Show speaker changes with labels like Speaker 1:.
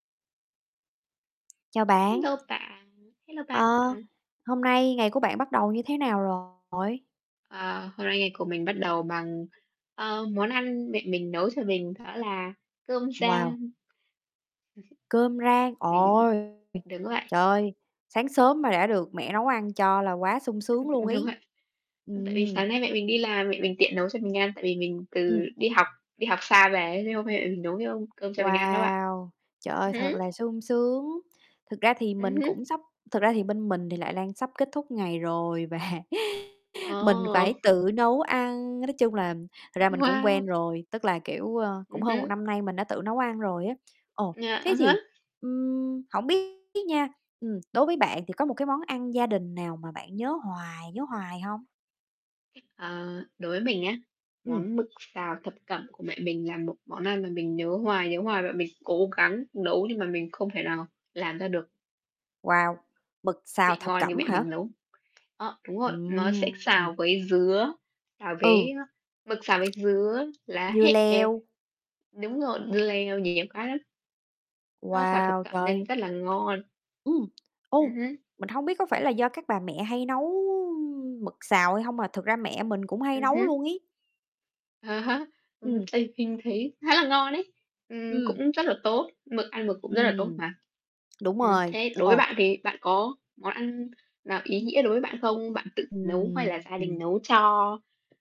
Speaker 1: Chào bạn.
Speaker 2: Hello bạn, hello bạn
Speaker 1: Ờ.
Speaker 2: bạn.
Speaker 1: Hôm nay ngày của bạn bắt đầu như thế nào rồi?
Speaker 2: Ờ, hôm nay ngày của mình bắt đầu bằng, ờ, món ăn mẹ mình nấu cho mình đó là cơm
Speaker 1: Wow.
Speaker 2: rang.
Speaker 1: Cơm rang.
Speaker 2: Mình
Speaker 1: Ôi!
Speaker 2: đúng vậy.
Speaker 1: Trời ơi! Sáng sớm mà đã được mẹ nấu ăn cho là quá sung sướng luôn
Speaker 2: Đúng
Speaker 1: ấy.
Speaker 2: vậy. Ư, tại vì
Speaker 1: Ừm.
Speaker 2: sáng nay mẹ mình đi làm, mẹ mình tiện nấu cho mình ăn, tại vì mình
Speaker 1: Ừm.
Speaker 2: từ đi học đi học xa về ấy, thế hôm nay mẹ mình nấu [unintelligible] cơm cho mình ăn đó bạn.
Speaker 1: Wow! Trời
Speaker 2: Ừm
Speaker 1: ơi,
Speaker 2: hứm.
Speaker 1: thật là sung sướng, thực ra thì
Speaker 2: Ừm
Speaker 1: mình
Speaker 2: hứm.
Speaker 1: cũng sắp thực ra thì bên mình thì lại đang sắp kết thúc ngày rồi và mình phải
Speaker 2: Ờ.
Speaker 1: tự nấu ăn, nói chung là thật ra mình cũng
Speaker 2: Wow!
Speaker 1: quen rồi, tức là, kiểu, ơ, cũng
Speaker 2: Ừm
Speaker 1: hơn 1
Speaker 2: hứm.
Speaker 1: năm nay mình đã tự nấu ăn rồi á. Ồ.
Speaker 2: À,
Speaker 1: Thế
Speaker 2: à há.
Speaker 1: thì, ưm, hổng biết nha, ừm, đối với bạn thì có một cái món ăn gia đình nào mà bạn nhớ hoài, nhớ hoài hông?
Speaker 2: Ờ. Đối với mình nhá,
Speaker 1: Ừm.
Speaker 2: món mực xào thập cẩm của mẹ mình là một món ăn mà mình nhớ hoài, nhớ hoài mà mình cố gắng nấu nhưng mà mình không thể nào làm ra được
Speaker 1: Wow! Mực xào
Speaker 2: vị
Speaker 1: thập
Speaker 2: ngon như
Speaker 1: cẩm
Speaker 2: mẹ
Speaker 1: hả?
Speaker 2: mình nấu. Đó, đúng rồi, nó sẽ
Speaker 1: Ừm, ừm.
Speaker 2: xào với dứa, xào
Speaker 1: Ừ.
Speaker 2: với, a mực xào với dứa, lá
Speaker 1: Dưa
Speaker 2: hẹ.
Speaker 1: leo.
Speaker 2: Đúng rồi, dưa leo, nhiều cái lắm. Nó xào thập
Speaker 1: Wow,
Speaker 2: cẩm nên
Speaker 1: trời.
Speaker 2: rất là ngon.
Speaker 1: Ừm.
Speaker 2: Ừm
Speaker 1: Ô.
Speaker 2: hứm.
Speaker 1: Mình hông biết có phải là do các bà mẹ hay nấu, ưm, mực xào hay hông mà thực ra mẹ mình cũng hay
Speaker 2: Ừm
Speaker 1: nấu
Speaker 2: hứm.
Speaker 1: luôn ấy.
Speaker 2: À há. Ừm,
Speaker 1: Ừm.
Speaker 2: tại mình thấy khá là ngon ấy, ừm,
Speaker 1: Ừm.
Speaker 2: cũng rất là tốt, mực ăn mực cũng rất là tốt
Speaker 1: Ừm.
Speaker 2: mà.
Speaker 1: Đúng
Speaker 2: Ừm,
Speaker 1: rồi.
Speaker 2: thế đối với
Speaker 1: Ồ.
Speaker 2: bạn thì bạn có món ăn nào ý nghĩa đối với bạn không? Bạn tự nấu hay là
Speaker 1: Ừm,
Speaker 2: gia đình
Speaker 1: ừm.
Speaker 2: nấu cho?